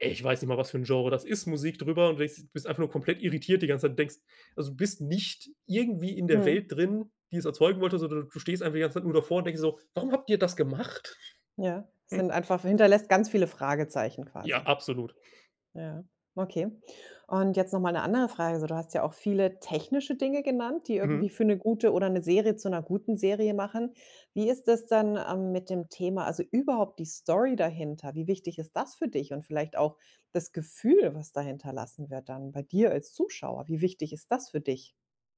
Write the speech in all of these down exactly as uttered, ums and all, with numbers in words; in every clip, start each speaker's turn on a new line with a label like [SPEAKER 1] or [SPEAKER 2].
[SPEAKER 1] Ich weiß nicht mal, was für 'n Genre das ist, Musik drüber und du denkst bist einfach nur komplett irritiert die ganze Zeit. Denkst also bist nicht irgendwie in der
[SPEAKER 2] Mhm.
[SPEAKER 1] Welt drin, die es erzeugen wollte, sondern du stehst einfach die ganze Zeit nur davor und denkst so: „Warum habt ihr das gemacht?”
[SPEAKER 2] Ja, sind einfach hinterlässt ganz viele Fragezeichen
[SPEAKER 1] Ja,
[SPEAKER 2] quasi.
[SPEAKER 1] absolut.
[SPEAKER 2] Ja, okay. Und jetzt noch mal 'ne andere Frage, so: Du hast ja auch viele technische Dinge genannt, die irgendwie
[SPEAKER 1] Mhm.
[SPEAKER 2] für 'ne gute oder 'ne Serie zu 'ner guten Serie machen. Wie ist das denn, ähm, mit dem Thema also überhaupt die Story dahinter? Wie wichtig ist das für dich und vielleicht auch das Gefühl, was da hinterlassen wird dann bei dir als Zuschauer. Wie wichtig ist das für dich?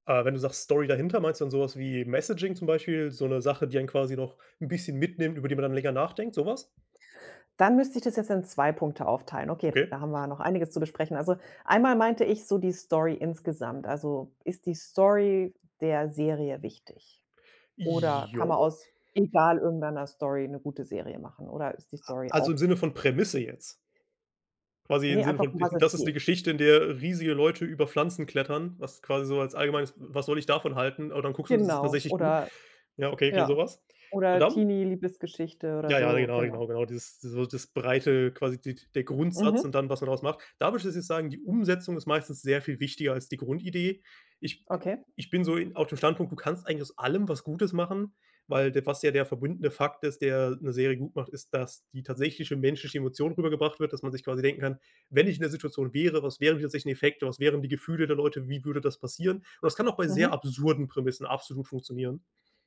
[SPEAKER 1] Ah, wenn du sagst Story dahinter, meinst du dann so was wie Messaging zum Beispiel? So 'ne Sache, die einen quasi noch 'n bisschen mitnimmt, über die man dann länger nachdenkt, so was?
[SPEAKER 2] Dann müsste ich das jetzt in zwei Punkte aufteilen. Okay,
[SPEAKER 1] Okay.
[SPEAKER 2] da haben wir ja noch einiges zu besprechen. Also, einmal meinte ich so die Story insgesamt. Also, ist die Story der Serie wichtig? Oder
[SPEAKER 1] I
[SPEAKER 2] kann man
[SPEAKER 1] Ja.
[SPEAKER 2] aus egal irgendeiner Story 'ne gute Serie machen, oder ist die
[SPEAKER 1] A
[SPEAKER 2] Story
[SPEAKER 1] also
[SPEAKER 2] auch
[SPEAKER 1] im Sinne von Prämisse jetzt? Quasi im
[SPEAKER 2] Ne,
[SPEAKER 1] Sinne
[SPEAKER 2] einfach,
[SPEAKER 1] von
[SPEAKER 2] um
[SPEAKER 1] d
[SPEAKER 2] was es
[SPEAKER 1] das ist 'ne
[SPEAKER 2] geht.
[SPEAKER 1] Geschichte, in der riesige Leute über Pflanzen klettern, was quasi so als allgemeines was soll ich davon halten? Und dann guckst du, und das ist
[SPEAKER 2] Genau,
[SPEAKER 1] tatsächlich gut.
[SPEAKER 2] oder
[SPEAKER 1] Ja, okay, okay, so
[SPEAKER 2] Ja.
[SPEAKER 1] was. Und
[SPEAKER 2] Oder
[SPEAKER 1] dann
[SPEAKER 2] Teenie-Liebesgeschichte oder
[SPEAKER 1] Ja, ja,
[SPEAKER 2] so,
[SPEAKER 1] genau,
[SPEAKER 2] genau.
[SPEAKER 1] genau, genau. Dieses so das Breite, quasi die der Grundsatz
[SPEAKER 2] Mhm.
[SPEAKER 1] und dann, was man daraus macht? Da würde ich tatsächlich sagen, die Umsetzung ist meistens sehr viel wichtiger als die Grundidee. Ich
[SPEAKER 2] Okay.
[SPEAKER 1] ich bin so i auf dem Standpunkt, du kannst eigentlich aus allem was Gutes machen, weil der was ja der verbundene Fakt ist, der 'ne Serie gut macht, ist, dass die tatsächliche menschliche Emotion rübergebracht wird. Dass man sich quasi denken kann: „Wenn ich in der Situation wäre, was wären die tatsächlichen Effekte? Was wären die Gefühle der Leute? Wie würde das passieren?” Und das kann auch bei sehr
[SPEAKER 2] Mhm.
[SPEAKER 1] absurden Prämissen absolut funktionieren.